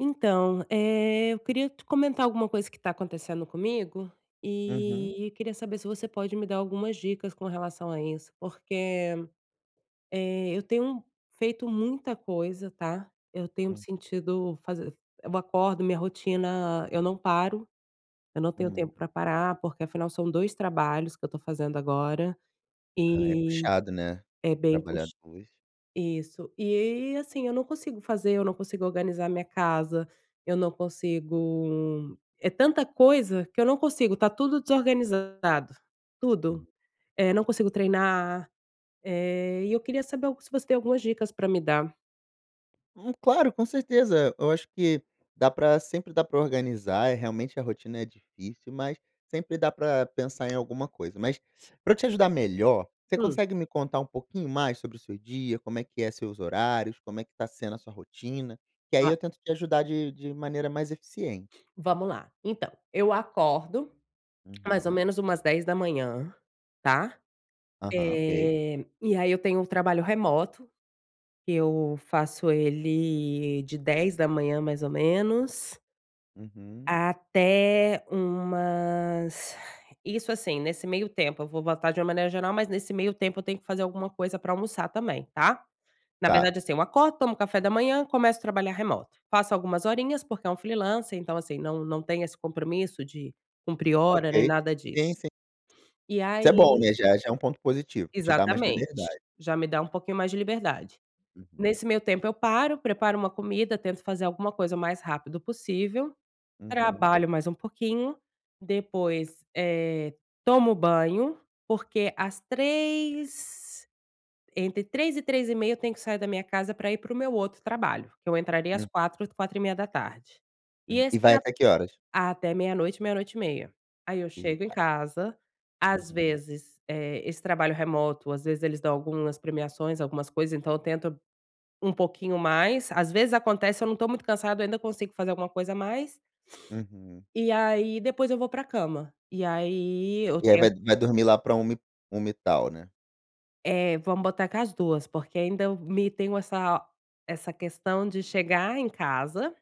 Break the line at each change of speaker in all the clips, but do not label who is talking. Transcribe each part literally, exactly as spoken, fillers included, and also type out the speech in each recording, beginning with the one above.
Então, eh, eu queria te comentar alguma coisa, que está acontecendo comigo.
Uhum.
E queria saber, se você pode me dar algumas dicas com relação a isso, porque, eh, eu tenho feito muita coisa, tá, eu tenho me
Hum.
sentido faz eu acordo, minha rotina, eu não paro, eu não tenho
Hum.
tempo pra parar, porque afinal são dois trabalhos que eu estou fazendo agora,
Ah, é
e
puxado né,
é bem
trabalhar
pux
dois.
isso. E assim, eu não consigo fazer, eu não consigo organizar a minha casa, eu não consigo é tanta coisa, que eu não consigo, tá tudo desorganizado. Tudo,
Hum.
eh, não consigo treinar, eh, e eu queria saber se você tem algumas dicas pra me dar.
Hum, claro, com certeza, eu acho que dá pra sempre dá pra organizar, é realmente a rotina é difícil, mas sempre dá pra pensar em alguma coisa, mas para te eu ajudar melhor, você
Hum.
consegue me contar um pouquinho mais sobre o seu dia, como é que é seus horários, como é que tá sendo a sua rotina, que aí
Claro.
eu tento te ajudar de de maneira mais eficiente.
Vamos lá. Então, eu acordo, mais ou
Uhum.
menos umas dez da manhã, tá.
Aham, ok.
Eh, e aí eu tenho um trabalho remoto, que eu faço ele de dez da manhã mais ou menos
Uhum.
Até umas isso assim, nesse meio tempo, eu vou botar de uma maneira geral, mas nesse meio tempo, eu tenho que fazer alguma coisa pra almoçar também, tá. Na
Tá.
verdade, assim, eu acordo, tomo café da manhã, começo a trabalhar remoto. Faço algumas horinhas porque é um freelancer, então assim, não não tem esse compromisso de cumprir hora nem
Ok.
nada disso.
Sim, sim.
E
Isso é bom,
aí
né. Já já é ponto positivo, te dá mais
Exatamente,
liberdade.
já me dá um pouquinho mais de liberdade.
Uhum.
Nesse meu tempo eu paro, preparo uma comida, tento fazer alguma coisa o mais rápido possível.
Uhum.
Trabalho mais um pouquinho, depois, eh, tomo banho, porque as três, entre três e três e meia eu tenho que sair da minha casa, pra ir pro meu outro trabalho, que eu entraria às
Hum.
quatro, quatro e meia da tarde. E
Hum. E
esse
vai
trab
até que horas?
até meia noite, meia noite e meia. Aí eu chego em
Eita.
casa, às
Uhum.
vezes, eh, esse trabalho remoto às vezes eles dão algumas premiações, algumas coisas, então eu tento um pouquinho mais, às vezes acontece, se eu não estou muito cansada, ainda consigo fazer alguma coisa mais
Uhum.
e aí depois eu vou pra cama. E aí eu
E aí
tent
vai vai dormir lá pra uma, uma e tal né?
Eh, vamos botar com as duas, porque ainda eu me tenho essa essa questão de chegar em casa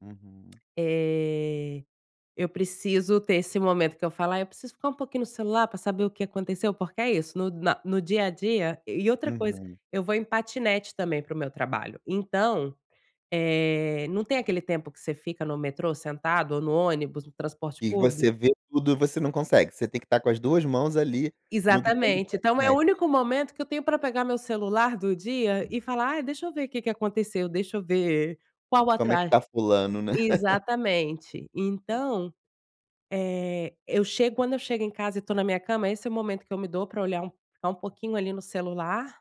Uhum.
Eh, eu preciso ter esse momento que eu falo: "Ai, eu preciso ficar um pouquinho no celular pra saber o que aconteceu.", porque é isso, no na no dia a dia e outra coisa,
Uhum.
eu vou em patinete também pro meu trabalho. Então, eh, não tem aquele tempo que você fica no metrô sentado ou no ônibus, no transporte
Que
público?
você vê tudo, e você não consegue, você tem que estar com as duas mãos ali no guidão do
Exatamente. Então é o
patinete.
único momento que eu tenho pra pegar o meu celular do dia e falar: "Ah, deixa eu ver o que que aconteceu, deixa eu ver qual o
"Como é que
atras"
tá fulano, né?".
exatamente. Então, eh, eu chego quando eu chego em casa e tô na minha cama, esse é o momento que eu me dou para olhar um ficar um pouquinho ali no celular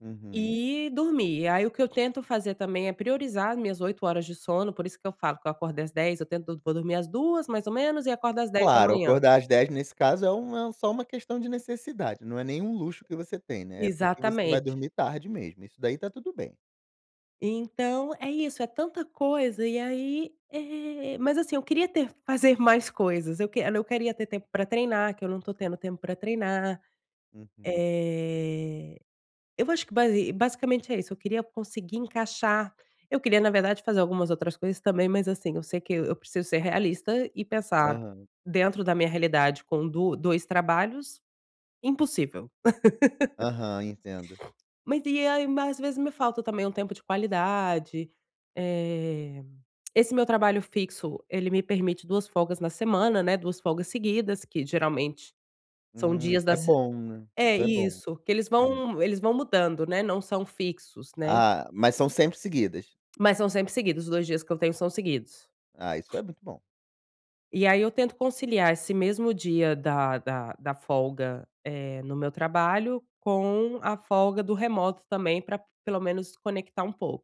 Uhum.
e dormir. Aí o que eu tento fazer também é priorizar as minhas oito horas de sono, por isso que eu falo que eu acordei às dez da manhã eu tento todo vou dormir às duas da manhã mais ou menos e acordo às dez da
Claro,
manhã
acordar às dez da manhã nesse caso é um é só uma questão de necessidade, não é nem um luxo que você tem, né, é porque você vai
Exatamente.
dormir tarde mesmo, isso daí tá tudo bem.
Então, é isso, é tanta coisa, e aí, eh, mas assim eu queria ter fazer mais coisas, eu quer eu queria ter tempo pra treinar, que eu não tô tendo tempo pra treinar.
Uhum.
Eh, eu vou, acho que basi basicamente é isso, eu queria conseguir encaixar, eu queria na verdade fazer algumas outras coisas também, mas assim, eu sei que e eu preciso ser realista e pensar
Aham.
dentro da minha realidade com duas dois trabalhos, impossível.
Aham. Entendo.
Mas e aí mas às vezes me falta também um tempo de qualidade. Eh, esse meu trabalho fixo ele me permite duas folgas na semana, né, duas folgas seguidas que, geralmente, são
Hum. Isso
dias da
é
se
bom, né,
é,
isso é bom.
isso. Que eles vão eles vão mudando, né, não são fixos, né?
Ah, mas são sempre seguidas?
Mas são sempre seguidos, os dois dias que eu tenho são seguidos.
Ah, isso é muito bom.
E aí eu tento conciliar esse mesmo dia da da da folga, eh, no meu trabalho, com a folga do remoto também pra pelo menos desconectar um pouco.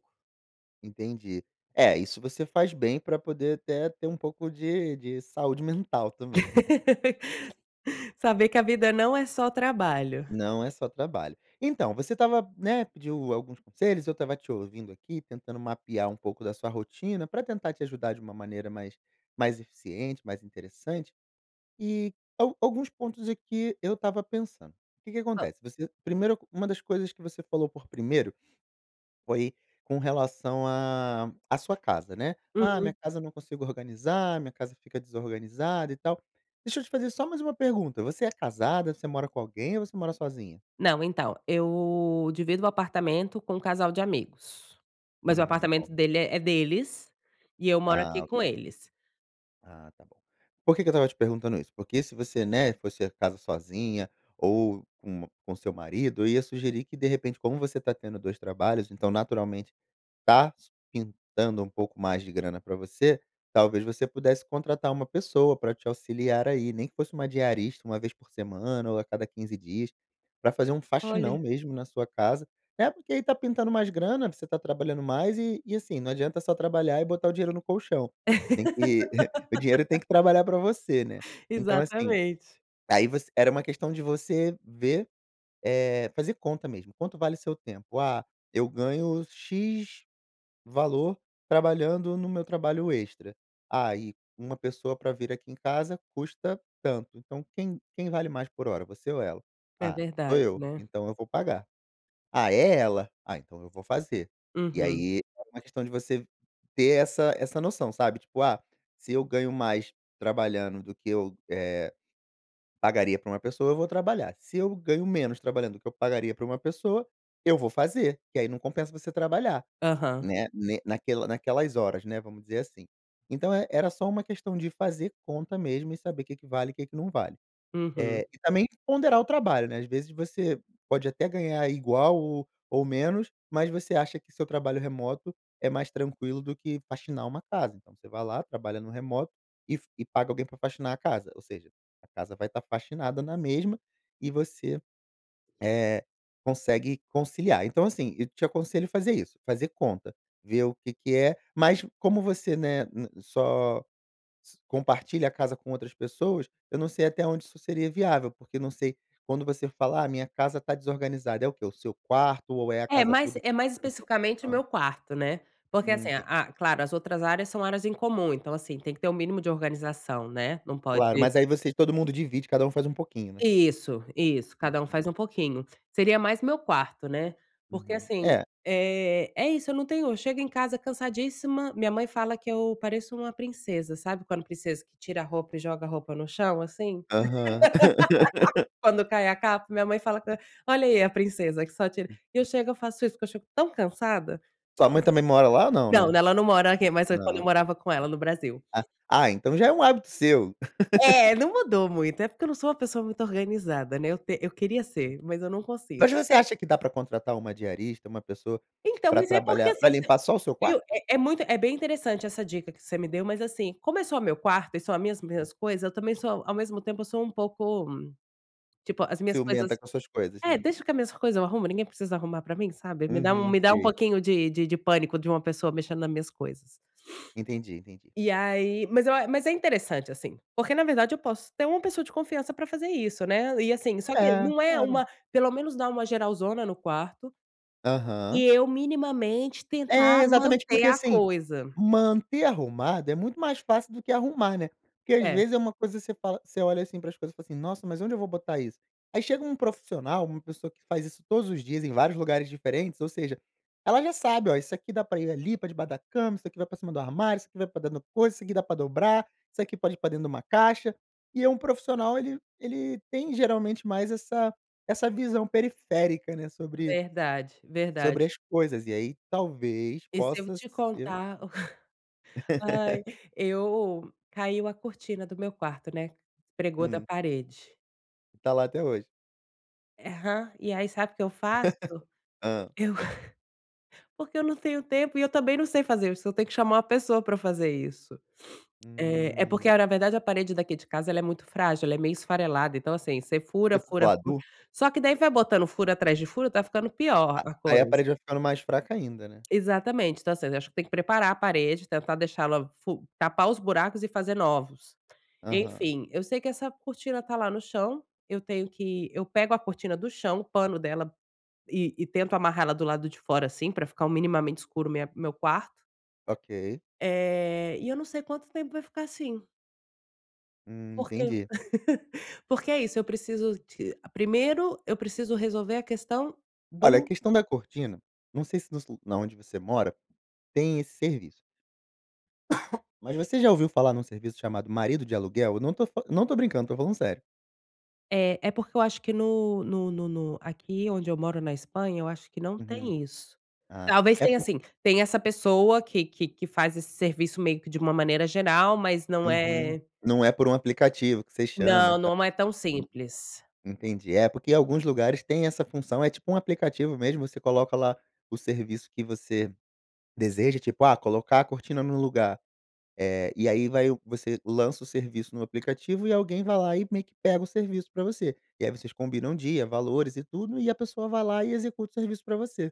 Entendi. É, isso você faz bem pra poder até ter um pouco de de saúde mental também né?
Saber que a vida não é só trabalho.
Não é só trabalho. Então, você estava, né, pediu alguns conselhos, eu estava te ouvindo aqui, tentando mapear um pouco da sua rotina pra tentar te ajudar de uma maneira mais mais eficiente, mais interessante e al alguns pontos aqui, eu estava pensando. Que que
Hã.
acontece, você primeiro, uma das coisas que você falou por primeiro, foi com relação à à sua casa né, "Ah, minha
Uhum.
casa não consigo organizar, minha casa fica desorganizado e tal.", deixa eu te fazer só mais uma pergunta: você é casada você mora com alguém ou você mora sozinha?
Não, então, eu divido o apartamento com um casal de amigos. Mas o
Hum,
apartamento
ó
dele é deles, e eu moro aqui
Ah,
com
ok.
eles.
Ah, tá bom. Por que que eu estava te perguntando isso? Porque se você, né, fosse a casa sozinha, ou com um com seu marido, eu ia sugerir que de repente como você tá tendo dois trabalhos então naturalmente, tá su pintando um pouco mais de grana pra você, talvez você pudesse contratar uma pessoa para te auxiliar aí, nem que fosse uma diarista uma vez por semana ou a cada quinze dias, para fazer um faxinão
Olha.
mesmo na sua casa. É, porque aí tá pintando mais grana, você tá trabalhando mais e e, assim, não adianta só trabalhar e botar o dinheiro no colchão. Tem que, o dinheiro tem que trabalhar pra você, né? Então, assim,
Exatamente.
aí você era uma questão de você ver, eh, fazer conta mesmo. Quanto vale o seu tempo? "Ah, eu ganho x valor, trabalhando no meu trabalho extra.". "Ah e, uma pessoa pra vir aqui em casa custa tanto.", então quem quem vale mais por hora, você ou ela?
É
"Ah, sou
verdade,
eu,
né?
então eu vou pagar.". "Ah, é ela. Ah, então eu vou fazer.". E
Uhum.
aí, é uma questão de você, ter essa essa noção, sabe, tipo: "Ah, se eu ganho mais trabalhando do que eu, eh, pagaria pra uma pessoa eu vou trabalhar, se eu ganho menos trabalhando do que eu pagaria pra uma pessoa, eu vou fazer.", que aí não compensa você trabalhar,
Aham.
né, ne naquela naquelas horas, né, vamos dizer assim. Então é era só uma questão de fazer conta mesmo e saber que que vale e que que não vale.
Uhum.
Eh, e também ponderar o trabalho né? Ás vezes você pode até ganhar igual ou ou menos, mas você acha que seu trabalho remoto é mais tranquilo do que faxinar uma casa. Então você vai lá, trabalha no remoto e f e paga alguém para faxinar a casa. Ou seja, a casa vai tá faxinada na mesma e você, eh, consegue conciliar. Então, assim, eu te aconselho fazer isso: fazer conta, ver o que que é mas como você, né, ne só s compartilha a casa com outras pessoas, eu não sei até onde isso seria viável, porque não sei quando você fala: "Ah, minha casa tá desorganizada.", é o que, o seu quarto ou é a
É,
casa
mas
toda que
é mais
precisa de
especificamente o
organização?
meu quarto, né? Porque, assim,
Hum, tem
a claro, as outras áreas são áreas em comum, então, assim, tem que ter o mínimo de organização, né, não pode
Claro, mas aí vocês todo mundo divide, cada faz pouquinho, né?
Isso, isso, cada um faz
Entendi.
um pouquinho. Seria mais meu quarto, né? Porque
Uhum.
assim,
É.
eh, é isso, eu não tenho, eu chego em casa cansadíssima, minha mãe fala que eu pareço uma princesa. Sabe quando princesa que tira a roupa e joga a roupa no chão assim?
Aham.
Quando cai a capa, minha mãe fala que eu: "Olha aí a princesa que só tira.", e eu
Uhum.
chego, eu faço isso, porque eu chego tão cansada.
Sua mãe também mora lá não,
Não,
né?
não ela não mora aqui, mas foi quando
Não,
eu
ok.
morava com ela no Brasil.
Ah, ah então já é hábito seu?
É, não mudou muito. É porque eu não sou uma pessoa muito organizada, né? Eu te eu queria
Hum.
ser, mas eu não consigo.
Mas você acha que dá pra contratar uma diarista, uma pessoa,
Então,
pra
mas é porque
trabalhar pra
assim, você
limpar só o seu
viu,
quarto?
é é muito, é bem interessante essa dica que você me deu, mas assim, como é só o meu quarto e só mesmo as minhas coisas, eu também sou ao mesmo tempo eu sou um pouco, tipo, as minhas coisas
Ciumenta com as suas coisas,
é,
né?
"Deixa que a minhas coisa eu arrumo, ninguém precisa arrumar pra mim.", sabe? Me dá um,
Uhum,
me dá um
sei.
pouquinho de de de pânico de uma pessoa mexendo nas minhas coisas.
Entendi, entendi.
E aí mas eu a mas é interessante assim. Porque na verdade eu posso ter uma pessoa de confiança pra fazer isso né? E, assim, só que,
É,
não é
claro.
uma pelo menos dar uma geralzona no quarto,
Aham.
e eu minimamente tentar
É, exatamente.
manter
Porque,
a
assim,
coisa.
manter arrumado é muito mais fácil do que arrumar né? Porque às
É.
vezes é uma coisa que você fala você olha assim pras coisas e fala assim: "Nossa, mas onde eu vou botar isso?". Aí chega um profissional, uma pessoa que faz isso todos os dias em vários lugares diferentes, ou seja, ela já sabe: "Ó, isso aqui dá pra ir ali pra debaixo da cama, isso aqui vai pra cima do armário, isso aqui vai pra dentro do coisa, isso aqui dá pra dobrar, isso aqui pode ir pra dentro de uma caixa.". E é um profissional, ele ele tem geralmente mais essa essa visão periférica, né, sobre
Verdade, verdade.
sobre as coisas. E aí talvez
E se eu
possa
te
ser
contar, o ca, ai, eu, caiu a cortina do meu quarto, né? Despregou da
Hum.
parede.
Tá lá até hoje.
Eham. E aí, sabe o que eu faço?
Hã.
Eu porque eu não tenho tempo e eu também não sei fazer, eu só tenho que chamar uma pessoa pra fazer isso. Eh, é porque
Hum.
a na verdade, a parede daqui de casa ela é muito frágil, ela é meio esfarelada, então, assim, você fura,
Tipo
fura, fura
pladur?
só que daí vai botando furo atrás de furo, tá ficando pior
A
a
aí a
coisa.
parede vai ficando mais fraca ainda, né.
Exatamente. Então, assim, eu acho que tem que preparar a parede, tentar deixá-la fu tapar os buracos e fazer novos.
Aham.
Enfim, eu sei que essa cortina tá lá no chão, eu tenho que eu pego a cortina do chão, o pano dela e e tento amarrar ela do lado de fora, assim, pra ficar um minimamente escuro minha meu quarto
Ok.
eh, e eu não sei quanto tempo vai ficar assim
Hum,
porque
entendi.
porque é isso, eu preciso de primeiro eu preciso resolver a questão
Olha, a
do
questão da cortina, não sei se nos lu na onde você mora, tem esse serviço mas você já ouviu falar num serviço chamado marido de aluguel? Eu não tô fal eu não tô brincando, tô falando sério.
É. É porque eu acho que no no no no aqui onde eu moro, na Espanha, eu acho que não
Uhum.
tem isso.
Ah,
Talvez
é
tenha,
por
assim, tem essa pessoa que que que faz esse serviço meio que de uma maneira geral, mas não
Uhum.
é
Não é por um aplicativo que você chama, e
não,
ta
não é tão
[unintelligible]
simples.
Entendi. É, porque alguns lugares têm essa função, é tipo um aplicativo mesmo, você coloca lá o serviço que você deseja, tipo: "Ah, colocar a cortina no lugar", eh, e aí vai você lança o serviço no aplicativo e alguém vai lá e meio que pega o serviço pra você, e aí vocês combinam o dia, valores e tudo, e a pessoa vai lá e executa o serviço pra você,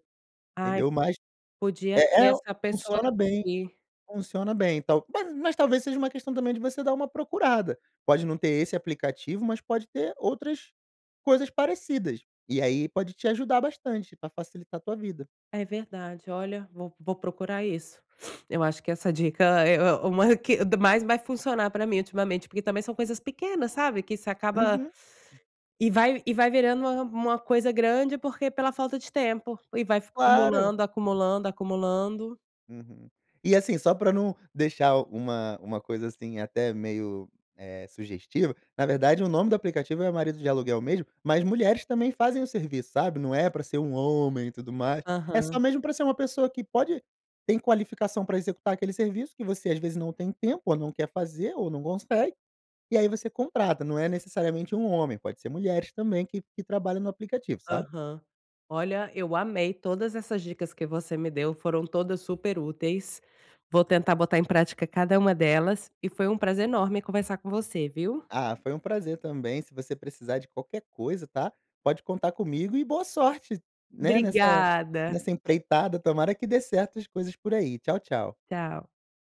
Ai,
entendeu? Mas
podia
é
ser
é o
essa pessoa
funciona bem,
aqui.
funciona bem. Então ma mas talvez seja uma questão também de você dar uma procurada, pode não ter esse aplicativo, mas pode ter outras coisas parecidas, e aí pode te ajudar bastante pra facilitar a tua vida.
É verdade. Olha, vou- vou procurar isso. Eu acho que essa dica é é uma a que da mais vai funcionar pra mim ultimamente, porque também são coisas pequenas, sabe, que isso acaba
Uhum.
e vai e vai virando uma uma coisa grande porque pela falta de tempo e vai f
Claro.
acumulando, acumulando, acumulando.
Uhum. E, assim, só pra não deixar uma uma coisa, assim, até meio, eh, sugestiva, na verdade o nome do aplicativo é marido de aluguel mesmo, mas mulheres também fazem o serviço, sabe, não é pra ser um homem e tudo mais. É só
Aham.
mesmo pra ser uma pessoa que pode tem qualificação para executar aquele serviço que você, às vezes, não tem tempo, ou não quer fazer, ou não consegue, e aí você contrata. Não é necessariamente um homem, pode ser mulheres também que que trabalham no aplicativo, sabe.
Aham. Olha, eu amei todas essas dicas que você me deu, foram todas super úteis, vou tentar botar em prática cada uma delas. E foi um prazer enorme conversar com você, viu.
Ah, foi um prazer também. Se você precisar de qualquer coisa, tá, pode contar comigo e boa sorte, né, nessa
Obrigada.
nessa empreitada. Tomara que dê certo as coisas por aí. Tchau, tchau.
Tchau.